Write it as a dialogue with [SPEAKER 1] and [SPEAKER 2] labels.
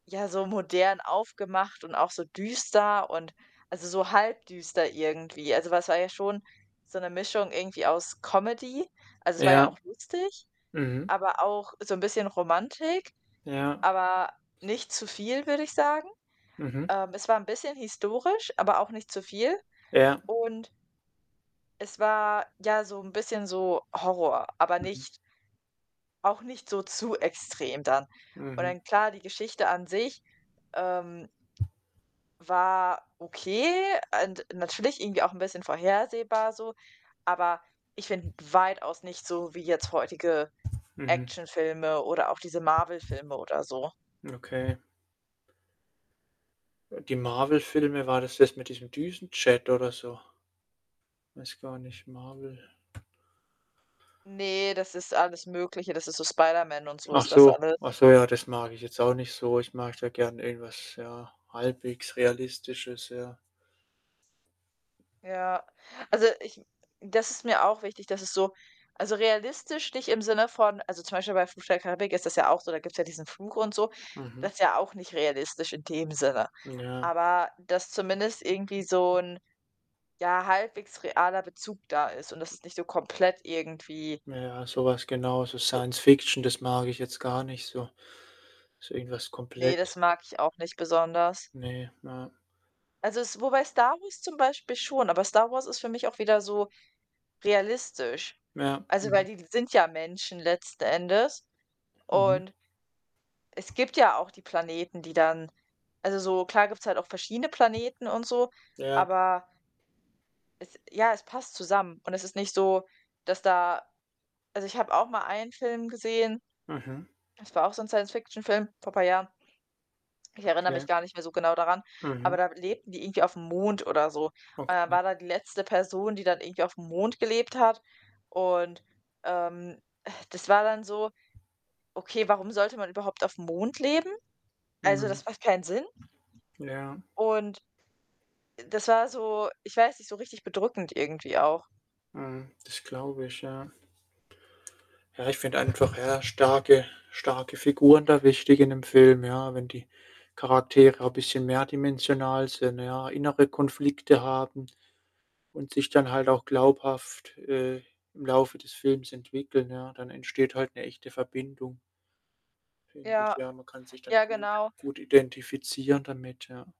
[SPEAKER 1] Ja, so modern aufgemacht und auch so düster und also, so halb düster irgendwie. Also, weil es war ja schon so 'ne Mischung irgendwie aus Comedy also, es war ja auch
[SPEAKER 2] Ja.
[SPEAKER 1] lustig,
[SPEAKER 2] Mhm.
[SPEAKER 1] aber auch so 'n bisschen Romantik,
[SPEAKER 2] Ja.
[SPEAKER 1] aber nicht zu viel, würde ich sagen.
[SPEAKER 2] Mhm.
[SPEAKER 1] Ähm, es war 'n bisschen historisch, aber auch nicht zu viel.
[SPEAKER 2] Ja.
[SPEAKER 1] Und es war, ja, so 'n bisschen so Horror, aber
[SPEAKER 2] Mhm.
[SPEAKER 1] nicht auch nicht so zu extrem dann. Und
[SPEAKER 2] Mhm.
[SPEAKER 1] dann klar, die Geschichte an sich, ähm war okay und natürlich irgendwie auch 'n bisschen vorhersehbar so, aber ich finde weitaus nicht so wie jetzt heutige
[SPEAKER 2] Mhm.
[SPEAKER 1] Actionfilme oder auch diese Marvel-Filme oder so.
[SPEAKER 2] Okay. Die Marvel-Filme, war das das mit diesem Düsenjet oder so? Weiß gar nicht, Marvel.
[SPEAKER 1] Ne, das ist alles Mögliche. Das ist so Spider-Man und so
[SPEAKER 2] Ach
[SPEAKER 1] ist das
[SPEAKER 2] so,
[SPEAKER 1] alles.
[SPEAKER 2] ach so, ja, das mag ich jetzt auch nicht so. Ich mag da gern irgendwas, ja, halbwegs Realistisches, ja.
[SPEAKER 1] Ja, also, ich das ist mir auch wichtig, dass es so also, realistisch nicht im Sinne von also, zum Beispiel bei „Fluch der Karibik“ ist das ja auch so, da gibt's ja diesen Fluch und so,
[SPEAKER 2] Mhm.
[SPEAKER 1] das ist ja auch nicht realistisch in dem Sinne.
[SPEAKER 2] Ja.
[SPEAKER 1] Aber, dass zumindest irgendwie so 'n, ja, halbwegs realer Bezug da ist und dass es nicht so komplett irgendwie
[SPEAKER 2] Ja, so was genau, so
[SPEAKER 1] so
[SPEAKER 2] Science-Fiction, das mag ich jetzt gar nicht so. Ist irgendwas
[SPEAKER 1] Ne,
[SPEAKER 2] komplett
[SPEAKER 1] das mag ich auch nicht besonders.
[SPEAKER 2] Ne, ja.
[SPEAKER 1] Also es wobei „Star Wars“ zum Beispiel schon, aber „Star Wars“ ist für mich auch wieder so realistisch.
[SPEAKER 2] Ja,
[SPEAKER 1] Also, weil
[SPEAKER 2] mhm.
[SPEAKER 1] die sind ja Menschen letzten Endes
[SPEAKER 2] Mhm.
[SPEAKER 1] und es gibt ja auch die Planeten, die dann also so, klar gibt's halt auch verschiedene Planeten und so,
[SPEAKER 2] Ja.
[SPEAKER 1] aber es ja, es passt zusammen. Und es ist nicht so, dass da also, ich habe auch mal einen Film gesehen,
[SPEAKER 2] Mhm.
[SPEAKER 1] das war auch so 'n Science Fiction-Film, vor paar Jahren. Ich erinnere
[SPEAKER 2] Okay.
[SPEAKER 1] mich gar nicht mehr so genau daran, aber
[SPEAKER 2] Mhm.
[SPEAKER 1] da lebten die irgendwie aufm Mond oder so. Und da
[SPEAKER 2] Okay.
[SPEAKER 1] war dann die letzte Person, die dann irgendwie aufm Mond gelebt hat. Und, ähm, das war dann so, okay, warum sollte man überhaupt aufm Mond leben? Also,
[SPEAKER 2] Mhm.
[SPEAKER 1] das macht keinen Sinn.
[SPEAKER 2] Ja.
[SPEAKER 1] Und das war so ich weiß nicht, so richtig bedrückend irgendwie auch.
[SPEAKER 2] Mhm. Das glaube ich, ja. Ja, ich finde einfach, ja, starke starke Figuren da wichtig in 'nem Film, ja. Wenn die Charaktere 'n bisschen mehrdimensional sind, ja, innere Konflikte haben und sich dann halt auch glaubhaft, äh, im Laufe des Films entwickeln, ja, dann entsteht halt 'ne echte Verbindung finde ich,
[SPEAKER 1] Ja,
[SPEAKER 2] ja. Man kann sich dann
[SPEAKER 1] ja,
[SPEAKER 2] gut
[SPEAKER 1] genau.
[SPEAKER 2] gut identifizieren damit, ja.